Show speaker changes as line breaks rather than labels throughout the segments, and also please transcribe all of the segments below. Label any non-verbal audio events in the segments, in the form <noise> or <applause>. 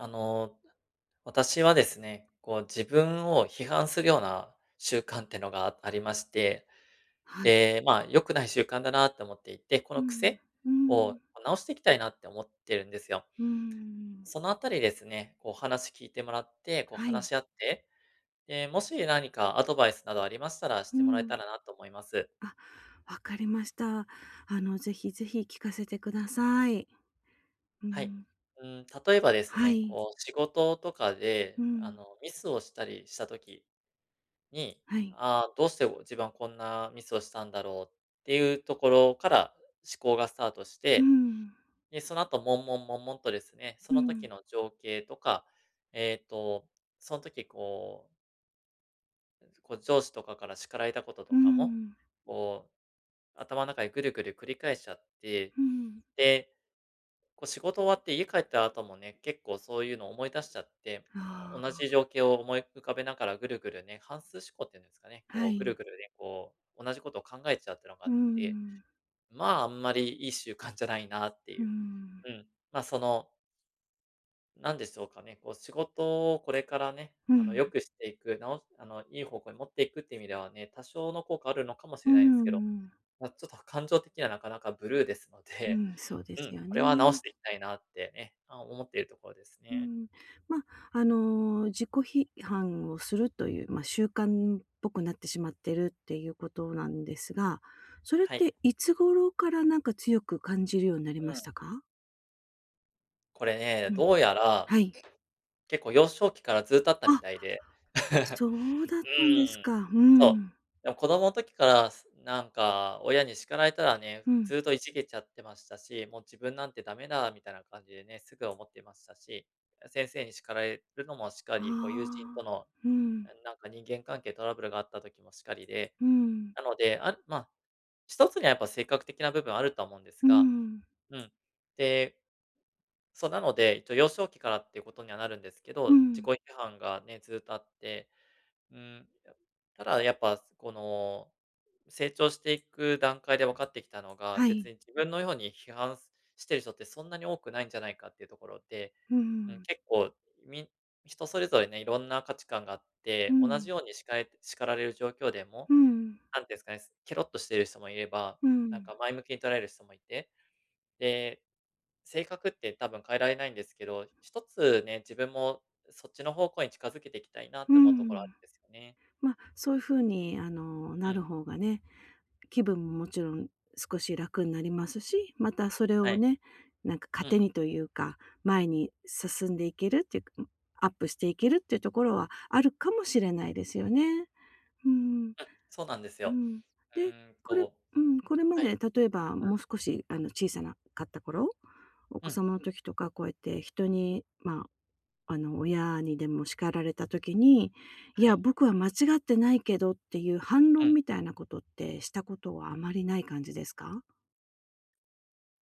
あの、私はですね、こう、自分を批判するような習慣ってのがあありまして、
はい。
で、まあ、良くない習慣だなって思っていて、こ
う
の
ん
癖
うん、う
を、
ん。
ま、直していきたいなって思ってるんですよ。
うーん、うんうん。
そのあたりですね、こう、お話聞いてもらって、こう、
は
話
い。
し合って、ええ、もし何かアドバイスなどありましたら、し
う
てもらえた
ん。
らなと思います。
あ、分かりました。あの、ぜひぜひ聞かせてください。う
はい、
ん。
うーん、例えばです
は
ね、
い。
こう、仕事とか
う
で、あ
ん。
の、ミスをしたりした時に、
はい。
ああ、どうしてお自分はこんなミスをしたんだろうっていうところから思考がスタートし
う
て、
ん。
でその後悶々悶々とですね、そ
う
の時
ん。
の情景とか、えっと、そん時こう <unintelligible> こう、上司とかから叱られたことと
うんう
か
ん
も、
うん。
こう、頭の中でぐるぐる繰り返しちゃって、
うん。
で、こう、仕事終わって家帰った後もね、結構そういうのを思い出しちゃって。あ
ああ、
同じ
あ。
情景を思い浮かべながらぐるぐるね、反芻思考っていうんですかね、
は
こう、ぐる
い。
ぐるね、こう、同じことを考えちゃうっていうのがあ
う
っ
んうんうん
て。
うん。
まあ、あんまりいい習慣じゃないなって
う
い
ー
う。
ん。
うん、まあ、そのなんでしょうかね、こう仕事をこれからね、
うん、
あの
ん。
良くしていく、なおしあのいい方向に持っていくっていう意味ではね、多少の効果あるのかもし
う
れ
ー
ないんす
ん、う
けど、
ん。
まあちょっと感情的にはなかなかブルーですの
う
で
ん、そうで
う
す
ん、
よ
これは直し
ね。
ていきたいなって、え、あ、思っているところです
う
ね。
ん。ま、あの自己批判をするという、ま、習慣っぽくなってしまってるっていうことなんですが、それっ
はい。
ていつ頃からなんか強く感じるようになり
う
まし
ん。
たか？
これね、
うん、
どうやら、
はい。
結構幼少期からずっとあったみ
あ。
たいで。<chuckles>
そうだっ
う
たんです
ーん、
か。ふ
そう。
ん。
でも子供の時から、すなんか親に叱られたらね、
うん。
ずっといじげちゃってましたし、「もう自分なんて駄目だ」みたいな感じでね、すぐ思ってましたし、あ、先生に叱られるのもしか
あ
り、こう友人
あ、
との、
ふん。
えん、なんか人間関係トラブルがあった時もしかりで、
うん。
なので、あん、まあ、1つにはやっぱ性格的な部分はあるとは思うんです
う
が、
ん。
うん、で、そう、なので、えっと幼少期からっていうことにはなるんですけ
う
ど、自己
ん。
批判がね、ずっとあって、うーん、やただやっぱすこの、成長していく段階で分かってきたのが、
は
別
い。
に自分のように批判すしてる人ってそんなに多くないんじゃないかっていうところで
うー
うん、
ん。
結構み人それぞれね、色んな価値観があっ
う
て、同
ん。
じようにしかえる叱られる状況でも、
うん。
なんてすかね、けろっとしてる人もいれば、
う
なん
ん。
か前向きに捉える人もいて、で、性格って多分変えられないんですけど、1つね、自分も、うそっちの方向に近づけていきたいなっ
うー
て思うところあ
ん。
ですよね。
ま、そういう風にあの、
う
な
ん。
る方がね、気分ももちろん少し楽になりますし、またそれ
は
を
い。
ね、なんか
うん。
糧にというか、前に進んでいけるっていうか、ん、アップしていけるっていうところはあるかもしれないですよね。ふーん。
うん、そうなんです
う
よ。
ん。
う
で、
ーん、
これ
と
うん、これま
は
で、
い。
例えば
うん。
もう少しあの小さなかった頃、お
う
子
ん。
様の時とかこうやって人にまあ、あの親にでも叱られた時に、「い
は
や、
い。
僕は間違ってないけど」っていう反
う
論
ん。
みたいなことってしたことはあまりない感じですか？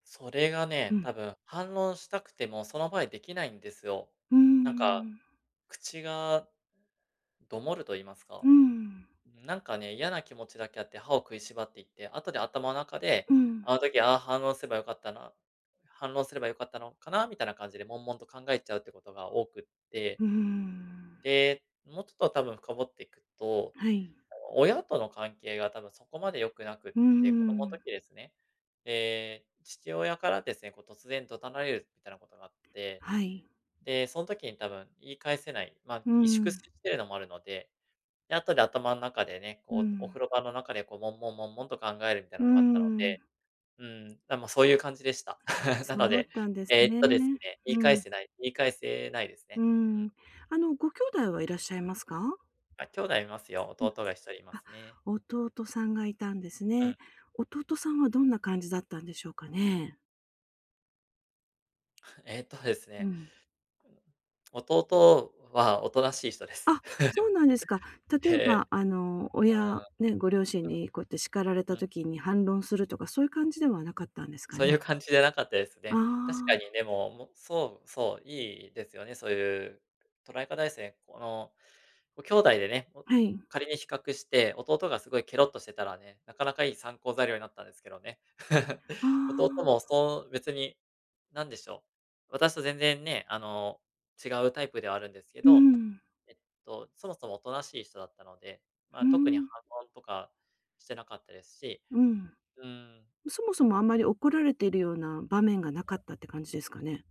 それが
う
ね、
ん。
多分反論したくてもその場でできないんですよ。
うんうん
なんか、
うん。
口が、どもると言いますか。
うん。
うん、なんかね、嫌な気持ちだけあって歯を食いしばっていって、後で頭の中で、
うん。
あの時ああ、反応すれば良かったな、反論すれば良かったのかな、みたいな感じで悶々と考えちゃうってことが多くって。
うーん。
で、もうちょっと多分深掘っていくと、
はい。
あの、親との関係が多分そこまで良くなくっ
うー
て、子供の時
ん。
ですね。ええ、父親からですね、こう突然怒鳴られるみたいなことがあって、
はい。
で、そん時に多分言い返せないま、
う
萎縮 <unintelligible> し
ん。
てるのもあるので、で後で頭ん中でね、
う
こうお
ん。
風呂場の中でこう悶々悶々と考えるみたい
う
な
ー
のがあったので。
ん。
うん、なまあ、そういう感じでした。
<unintelligible>
<chuckles> な
そ
の
うだっ
で、
たんです
ええっ
ね。
とですね、言い
う
返
ん。
せない言い返せないです
う
ね。う
ん。
ん。
うーん。あの、ご兄弟はいらっしゃいますか？
あ、兄弟いますよ、
うん、
弟が1人いま
あ。
すね。
弟さんがいたんです
うん。
ね。弟さんはどんな感じだったんでしょうかね。
えっとです
う
ね。
ん。
弟は大人しい人です。
あ、そうなんですか。
<chuckles> へ
例え
え、
ば、あの、
あ
親
あ、
ね、ご両親
うん。
にこうやって叱られた
うん。
時に反論するとか、そういう感じではなかったんですか
そうい
ね。
う感じじゃなかったです
あ
ね。確か
あ。
にでも、もう、そうそう、いいですよね、そういう、捉え方ですね、この兄弟でね、
はい。
仮に比較して、弟がすごい、けろっとしてたらね、なかなかいい参考材料になったんですけどね。<chuckles>
あ
弟
あ。
もそう、別に、なんでしょう、私と全然ね、あの、違うタイプではあるんですけ
う
ど、
ん。
えっと、そもそもおとなしい人だったので、ま
うー
あ特に反
ん。
論とかしてなかったですし、
うん。
うーん。
そもそも、あんまり怒られているような場面がなかっ
<unintelligible>
たって感じですかね。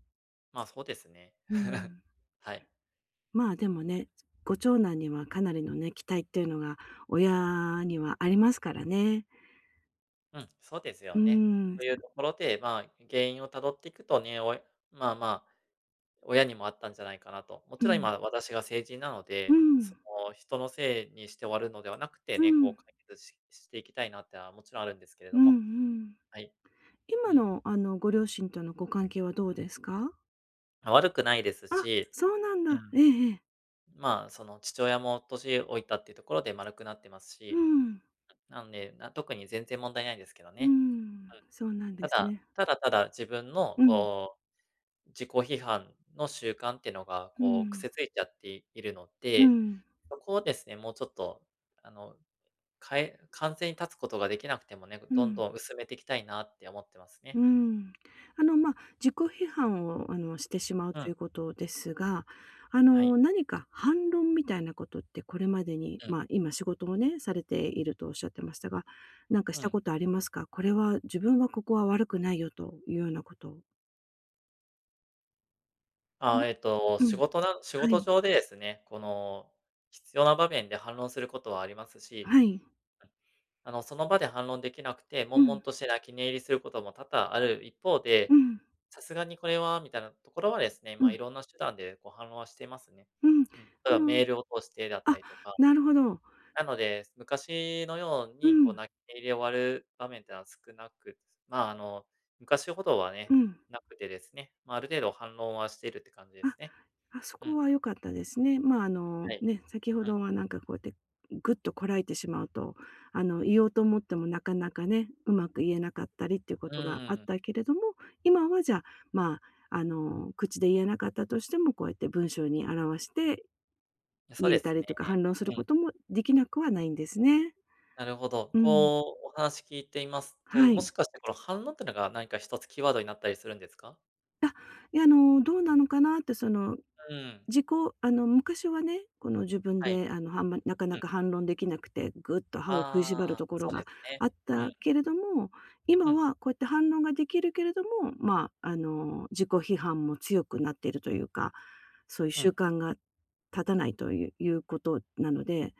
ま、そうですね、
うん。
<chuckles> はい。
まあ、でも
<unintelligible>
ね、ご長男にはかなりのね、期待というのが親には、ありますからね。
うん、そうです
う
よね。
ー
と
ん。
いうところでまあ、原因をたどっていくとね、親まあまあ、親にもあったんじゃないかなと。も
う
ちろん、
ん。
今、私が成人なの
う
で、そ
ん。
の、人のせいにして終わるのではなくて
う
ね、こ
ん！
う解決ししていきたいなっていうのはもちろんあるんですけれど
うんう
も
ん。
はい。う
今
ん。
のあのご両親とのご関係はどうですか？
あ、悪くないです
あ、
し
そうなん
う
だ。え
ん。
えええ。
まあ、その、父親も年老いたっていうところで丸くなってます
うー
し、
ん。
<unintelligible> なんで、な特に全然問題ないんですけど
うー
ね。
ん、
はい。
そうなんで
た
す
だ、
ね。
只々自分の、
うん。
こう、自己批判の習慣ってのが、
う
こう、
ん。
癖ついちゃっているの
う
で、
ん。
そこをですね、もうちょっと、あの、かえ完全に断つことができなくてもね、ぐ
う
どん
ん。
どん薄めていきたいなって思ってますね。
うん。あの、ま、自己批判を、あの、してしまう
う
とい
ん。
うことですが、あ
は
の、
い。
何か反論みたいなことってこれまでに、
うん。
ま、今仕事をね、されているとおっしゃってましたが、なんかし
う
た
ん。
ことありますか？これは自分はここは悪くないよというようなこと。ん。
あ、えっと、
う
仕
ん、
事な仕
は
事
い。
上でですね、この、必要な場面で反論することはあります
あ、
し、
はい。
あ、あの、その場で反論できなくて、
う
悶々
ん。
として泣き寝入りすることも多々ある一方
う
で、
ん。
さすがにこれはみたいなところはですね、
う
ま、
ん。
いろんな手段で、こう、反論はしてますね。
うん。
うん。例えばメ
<unintelligible>
ールを通してだった
あ、
りとか。
なるほど。
なので、昔のよう
う
に、こう、
ん。
泣寝入りで終わる場面ってなは少なくまあ、あの、昔ほどはね、
うん。
なくてですね。ま、ある程度反論はしてるって感じです
あ。
ね。
あ、そ
う
こ
ん。
は良かったですね。ま、あの、
はい。
ね、先ほ
う
ど
ん。
はなんかこうやって、ん、ぐっとこらえてしまうと、あの、言おうと思ってもなかなかね、うまく言えなかったりっていうこ
う
とが
ー
あっ
ん。
たけれども、今はじゃあ、ま、あの、口で言えなかったとしてもこうやって文章に表して
え、そう
言
で
えた
す
り
ね。
とか、反論す
う
る
ん。
こともできなくはないんですね。
なるほど。
うん。
こう、お話聞いていますと、
は
もし
い。
かしてこの反応ってのが何か1つキーワードになったりするんですか？
あ、いや、あの、どうなのかなって、その、
うん。
自己あの昔はね、この自分
はい。
で、は、なか
う
な
ん。
か反論できなくて、ぐっと歯を食いし
あ
ばる
あ、
とこ
そ
ろ
うで
が
すね。
あっ
うん。
たけれども、
う
今
ん。
はこうやって反論ができるけれども、ま、あの自己批判も強くなっているというか、そういう
う
習
ん。
慣が立たないといういうことなので、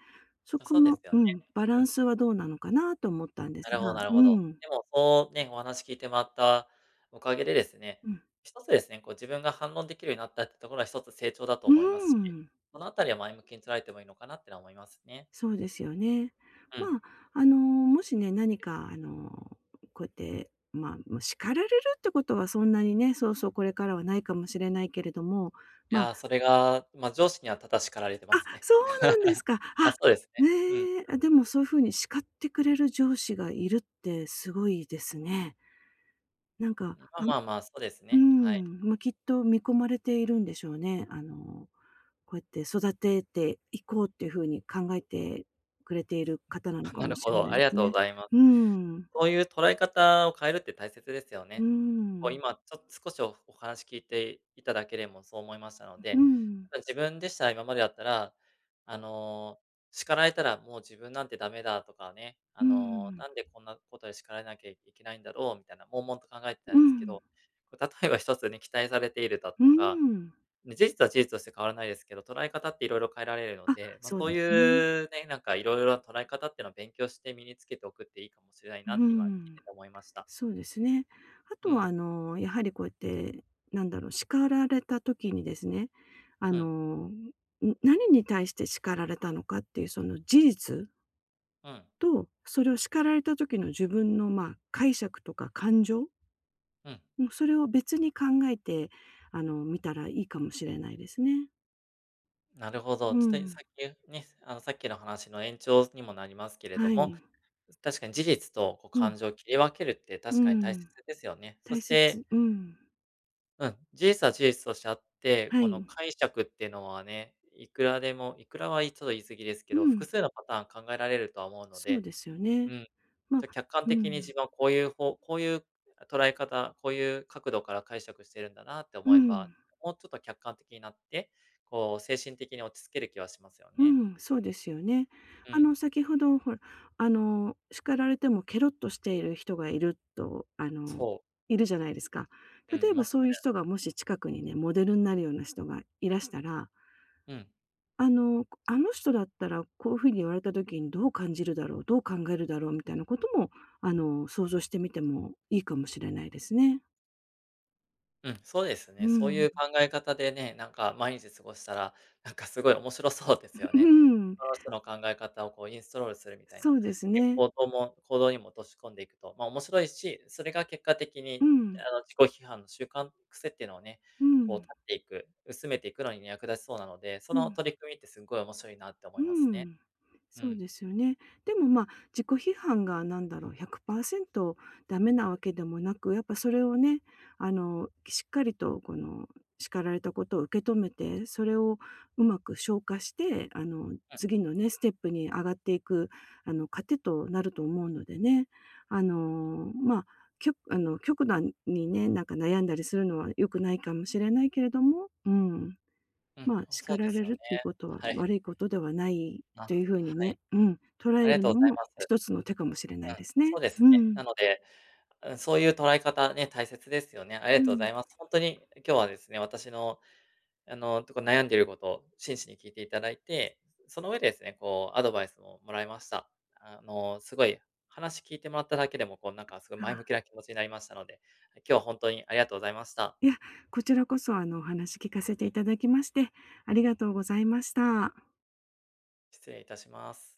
そ
まあ、
こ
そうで
の
すよ
う
ね。
ん、バラ
う
ン
ん。
スはどうなのかなと思ったんで
な
す
るほど
が、
なるほ
う
ど。
ん。
でもそう、ね、お話聞いてもらったおかげでですね、
うん。
一つですね、こう自分が反論できるようになったってところは一つ成長だと
う
思いますし、
ん。
このあたりは前向きに捉えてもいいのかなっていうのは思いますね。
そうですよね。
うん。
ま、あのもしね、何かあの、こうやってま、も、叱られるってことはそんなにね、そうそう、これからはないかもしれないけれども、
い
ま
や、それが、ま、上司には多々叱られてま
あ、
すね。
そうなんです
<chuckles>
か。あ、
あ、そうですね。うん
ええ。
う
あ、
ん。
でもそういう風に叱ってくれる上司がいるってすごいですね。なんか、
まあ
あ
まあまあ、そうです
う
ね、はい。
んま、きっと見込まれているんでしょうね。あの、こうやって育てていこうっていう風に考えてくれている方なの
あ、
か
なる
もし
ほ
れな
ど、あ
いで
りが
す
とう
ね。
ございます。
うん。
そういう捉え方を変えるって大切ですよ
うー
ね。こう
ん。
今ちょ少しおお話聞いていただけれもそう思いましたの
う
で、
ん。
ただ自分でしたら、今までだったら、あの、叱られたらもう自分なんて駄目だとかね、あ
う
の
ん。
なんでこんなことで叱られなきゃいけないんだろうみたいな、悶々と考えてた
う
んですけ
ん。
ど、こう例えば一つね、期待されているだ
う
とか、
ん。
事実は事実として変わらないですけど、捉え方って色々変えられるの
あ、
で、まあ、
そう
そ
で
う
すね。
いうね、なんか色々な捉え方っていうのを勉強して身につけておくっていいかもしれない
う
なって今聞い
ん。
てて思いました。
そうですね。あ
う
とはあ
ん。
のやはりこうやって、なんだろう、叱られた時にですね、あ
うん。
の、ん、何に対して叱られたのかっていうその事実
はい。
と、それを叱られた時の自分の、まあ、解釈とか感情
うん。
もう、それを別に考えて、あの、みたらいいかもしれないですね。
なるほど、
う
ちょ
ん
と
う
いさ
ん。
っきゅうね、あの、さっきの話の延長にもなりますけれど
は
も、
い。
確かに事実とこう
うん。
感情を切り分けるって
う
確か
ん
に
う
大切
ん。
ですよね。そ
大
し
切、
て
うん。
うん、事実は事実としてあって、
は
この
い。
解釈ってのはね、いくらでも、いくらはいちょっと言い過ぎですけ
う
ど、複
ん。
数のパターン考えられるとは思うの
そう
で。
ですよね。
うん、
ま、
と、客観
うんう
的に自
ん。
分はこういう方こういう捉え方、こういう角度から解釈してるんだなって
う
思えば、
ん。
もうちょっと客観的になって、こう精神的に落ち着ける気はしますよ
う
ね。
ん、そうですよね。
う
あ
ん。
の、先ほどほら、あの叱られてもケロッとしている人がいるとあの、
そう。
いるじゃないですか。
うん、
例
い
え
ま
ば
す
そういう
ね。
人がもし近くにね、モデルになるような人がいらしたら
うん。
あの、こあの人だったら、こうふうに言われた時にどう感じるだろう、どう考えるだろうみたいなことも、あの、想像してみてもいいかもしれないですね。
うん、そうです
う
ね。
んう
そういう
ん。
考え方でね、なんか、毎日過ごしたら、なんか、すごい面白そうですよ
<chuckles>
ね。
うん。
その人の考え方をこうインストールするみたい
そ
な、
うです
結
ね。
構行とも行動にも落とし込んでいくと、ま、面白いし、それが結果的
う
に、ね、
ん。
あの、自己批判の習慣、癖っていうのをね、
う
こう、
ん。
断っていく、薄めていくのに役立ちそうなので、そ
う
の
ん。
取り組みってすごい面白いなって思
う
います
ー
ね。
ん。
う
そう
ん。
ですよね。でも、ま、自己批判が、なんだろう、100％駄目なわけでもなく、やっぱそれをね、あの、しっかりと、この、叱られたことを受け止めて、それをうまく消化して、あの、
うん。
次のね、ステップに上がっていく、あの、糧となると思うのでね。あの、ま、きょあの、極度にね、なんか悩んだりするのは良くないかもしれないけれども、うん。
うん、
ま、
ほそう
叱
で
ら
す
れ
よ
る
ね、
っていうことは、
はい。
悪いことではない
あ、
というふうに
はい。
ね、うん、捉
あ
え
りが
る
とうご
の
ざい
も
ます。
一つの手かもしれない
う
で
ん、
す
そ
ね。
うですね。
うん。
なので、うん、そういう捉え方ね、大切ですよね。ありが
う
とうござ
ん。
います。ほんとに、え、今日はですね、私の、あの、ちょっと悩んでいることを真摯に聞いていただいて、その上でですね、こう、アドバイスももらいました。あの、すごい、話聞いてもらっただけでも、こう、なんか、すごい
あ
前向
あ。
きな気持ちになりましたので、え、今日はほんとに、ありがとうございました。
いや。こちらこそ、あの、お話聞かせていただきまして、ありがとうございました。
失礼いたします。